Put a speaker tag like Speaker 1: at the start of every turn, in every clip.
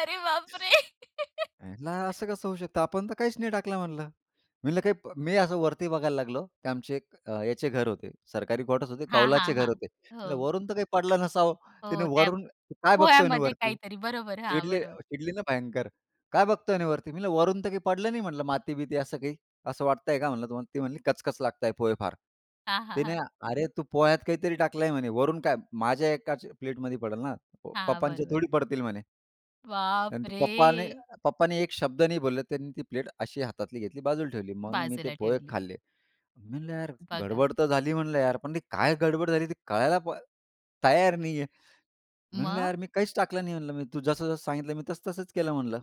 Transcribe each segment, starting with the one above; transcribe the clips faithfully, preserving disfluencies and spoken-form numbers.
Speaker 1: अरे बाप रे!
Speaker 2: [unintelligible] असं कसं होऊ शकतं? आपण तर काहीच नाही टाकलं म्हणलं. मी म्हंटलं मी असं वरती बघायला लागलो की आमचे एक अ, ह्याचे घर होते. सरकारी कॉटर्स होते
Speaker 1: हां, हां,
Speaker 2: कौलाचे घर
Speaker 1: हां.
Speaker 2: होते. म्हणल
Speaker 1: हो.
Speaker 2: वरून तर काही पडलं नसावं. तिने
Speaker 1: हो, त्या
Speaker 2: वरून म्हणे, "काय बघतोय म्हणे
Speaker 1: पोह्यांमध्ये
Speaker 2: वरती."
Speaker 1: काहीतरी बरोबर. हां,
Speaker 2: चिडली
Speaker 1: बरोबर.
Speaker 2: चिडली ना भयंकर. "काय बघतोय आणि वरती." मी म्हणलं, "वरून तर काही पडलं नाही म्हंटलं माती-बिती असं काही. असं वाटतंय का म्हणलं तुम्हाला?" ती म्हणली, "कचकच लागता आहेत पोहे फार."
Speaker 1: हां, हां,
Speaker 2: तिने
Speaker 1: हां.
Speaker 2: "अरे तू पोह्यात काहीतरी टाकलंय" म्हणे "वरून काय? माझ्या एकाच्या प्लेटमध्ये पडेल ना?
Speaker 1: हां,
Speaker 2: पप्पांच्या
Speaker 1: बरोबर.
Speaker 2: थोडी पडतील" म्हणे. आणि तर पप्पानी
Speaker 1: बापरे!
Speaker 2: पप्पानी एक शब्द नाही बोलले, त्यांनी ती प्लेट अशी हातातली घेतली बाजूला ठेवली. मग मी ते
Speaker 1: बाजूला
Speaker 2: पोहे
Speaker 1: ठेवली.
Speaker 2: खाल्ले. मी म्हणल यार
Speaker 1: बघा.
Speaker 2: गडबड तर झाली म्हणलं यार. पण ती काय गडबड झाली ते कळायला पण तयार नाही आहे. मी म्हणलं,
Speaker 1: मग?
Speaker 2: "यार मी काहीच टाकलं नाही म्हंटलं मी तू जसं-जसं सांगितलं मी तसं तसंच केलं म्हणलं.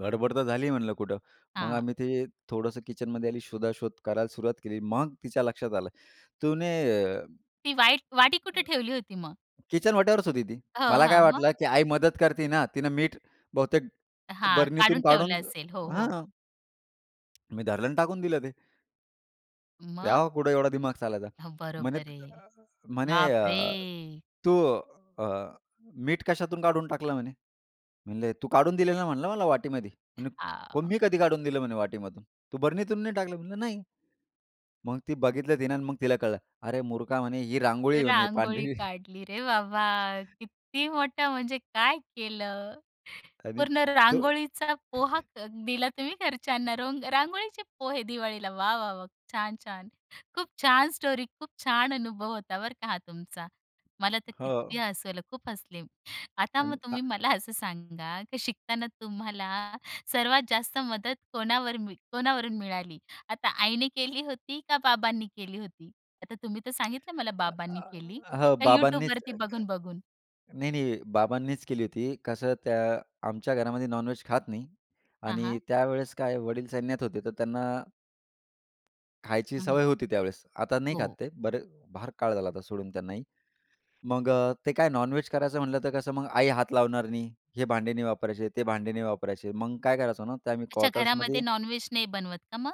Speaker 2: गडबड तर झाली म्हणलं कुठं." मग
Speaker 1: हां.
Speaker 2: आम्ही ते थोडंसं किचनमध्ये आली शोधाशोध करायला सुरुवात केली. मग तिच्या लक्षात आलं. ती म्हणे, अ
Speaker 1: ती वाईट वाटी कुठे ठेवली होती मग?
Speaker 2: किचन वट्यावरच होती ती.
Speaker 1: हो,
Speaker 2: मला
Speaker 1: हां,
Speaker 2: काय
Speaker 1: मग?
Speaker 2: वाटलं की आई मदत करती ना, तिनं मीठ बहुतेक
Speaker 1: हां,
Speaker 2: बर्नीतून
Speaker 1: काढून
Speaker 2: काढून
Speaker 1: ठेवलं असेल. हो, हो.
Speaker 2: हां. मी धरलं नी टाकून दिलं ते.
Speaker 1: मग?
Speaker 2: तेव्हा कुठे एवढा दिमाग चालायचा.
Speaker 1: हो,
Speaker 2: म्हणे
Speaker 1: बरोबर आहे.
Speaker 2: अ म्हणे, अ,
Speaker 1: बापरे!
Speaker 2: "तू अ, मीठ कशातून काढून टाकल" म्हणे. म्हणले, "तू काढून दिलेला म्हणलं मला वाटीमध्ये." म्हंटली,
Speaker 1: हां.
Speaker 2: "मी कधी काढून दिलं म्हणे वाटीमधून तू बरणीतून नाही टाकलं?" म्हणलं, "नाही." मग ती बघितलं आणि मग तिला कळलं. "अरे मूर्खा म्हणे ही रांगोळी आहे म्हणे
Speaker 1: रांगोळी
Speaker 2: पांढरी."
Speaker 1: काढली रे बाबा! किती मोठा! म्हणजे काय केलं?
Speaker 2: आणि
Speaker 1: पूर्ण
Speaker 2: तो
Speaker 1: रांगोळीचा पोहा क दिला तुम्ही घरच्यांना. रोंग रांगोळीचे पोहे दिवाळीला वा! वा! वा! छान! छान! खूप छान! स्टोरी खूप छान अनुभव होता बरं का हा तुमचा. मला तर
Speaker 2: हो.
Speaker 1: किती हसवलं, खूप हसले. आता मग
Speaker 2: आणि हां.
Speaker 1: तुम्ही मला असं सांगा, की शिकताना तुम्हाला सर्वात जास्त मदत कोणावर मी कोणावरून मिळाली? आता आईने केली होती का बाबांनी केली होती? आता तुम्ही तर सांगितलं मला, बाबांनी केली
Speaker 2: [unintelligible] हां,
Speaker 1: का
Speaker 2: बाबांनीच,
Speaker 1: YouTubeवरती बघून-बघून?
Speaker 2: नाही-नाही बाबांनीच केली होती. कसं त्या आमच्या घरामध्ये नॉनव्हेज खात नाही
Speaker 1: हां,
Speaker 2: आणि
Speaker 1: हां.
Speaker 2: त्यावेळेस काय वडील सैन्यात होते, तर त्यांना खायची
Speaker 1: हं,
Speaker 2: सवय
Speaker 1: हं.
Speaker 2: होती त्यावेळेस आता नाही खात
Speaker 1: हो.
Speaker 2: ते. बरे भार काळ झाला आता सोडून त्यांनाही. मग ते काय नॉनव्हेज करायचं म्हटलं तर कसं मग आई हात लावणार नाही. हे भांडे नाही वापरायचे ते भांडे नाही वापरायचे. मग काय करायचं ना, ते आम्ही
Speaker 1: अच्छा,
Speaker 2: क्वाटर्समध्ये
Speaker 1: घरामध्ये नॉनव्हेज नाही बनवत का मग?